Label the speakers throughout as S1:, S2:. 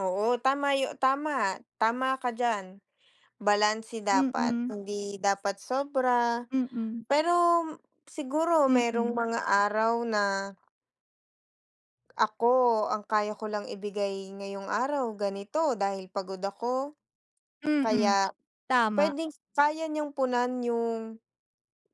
S1: Oo, tama yo tama, tama ka diyan. Balanse dapat
S2: Mm.
S1: hindi dapat sobra,
S2: Hmm.
S1: pero siguro mayrong
S2: Mm.
S1: mga araw na Ako, ang kaya ko lang ibigay ngayong araw ganito dahil pagod ako.
S2: Mm,
S1: Kaya
S2: tama.
S1: pwedeng kaya niyong punan yung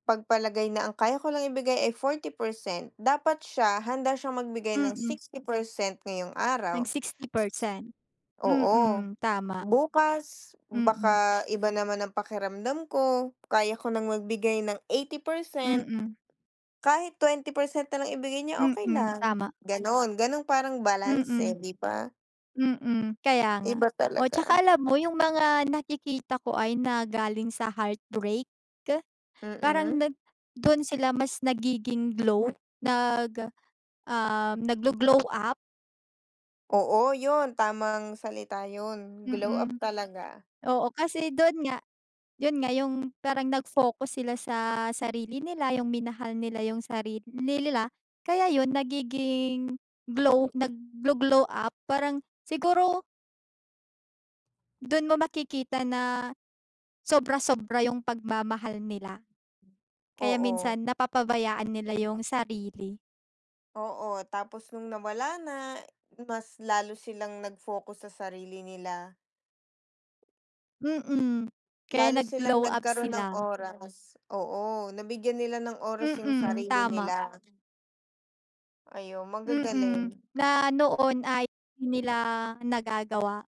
S1: pagpalagay na ang kaya ko lang ibigay ay 40% dapat siya handa siyang magbigay ng
S2: Mm.
S1: 60% ngayong
S2: Ng
S1: araw.
S2: 60%
S1: Oo,
S2: mm, tama.
S1: bukas
S2: Mm.
S1: baka iba naman ang pakiramdam ko kaya ko ng magbigay ng 80%
S2: Mm.
S1: kahit 20% na lang ibigay niyo okey
S2: Mm,
S1: lang
S2: tama.
S1: ganon, ganon parang balance eh,
S2: Mm,
S1: 'di ba.
S2: mm kaya nga,
S1: Iba
S2: o
S1: talaga.
S2: tsaka alam mo yung mga nakikita ko ay na galing sa heartbreak ke parang
S1: Mm.
S2: nag dun sila mas nagiging glow nag ah, nagglo-glow up.
S1: Oo, yun tamang salita yun, glow up
S2: Mm,
S1: talaga.
S2: oo kasi dun nga yun nga, yung parang nag-focus sila sa sarili nila, yung minahal nila yung sarili nila kaya yun nagiging glow, nagglo-glow up parang siguro Dun mo makikita na sobra-sobra yung pagmamahal nila, kaya
S1: Oo.
S2: minsan napapabayaan nila yung sarili.
S1: Oo, tapos nung nawala na, mas lalo silang nag-focus sa sarili nila.
S2: Mm, kaya
S1: Lalo silang
S2: nag-glow up
S1: nagkaroon ng
S2: sila.
S1: oras, oo, nabigyan nila ng oras yung
S2: Mm,
S1: sarili
S2: tama.
S1: nila. Ay, o
S2: Mm,
S1: magagaling.
S2: na noon ay hindi nila nagagawa.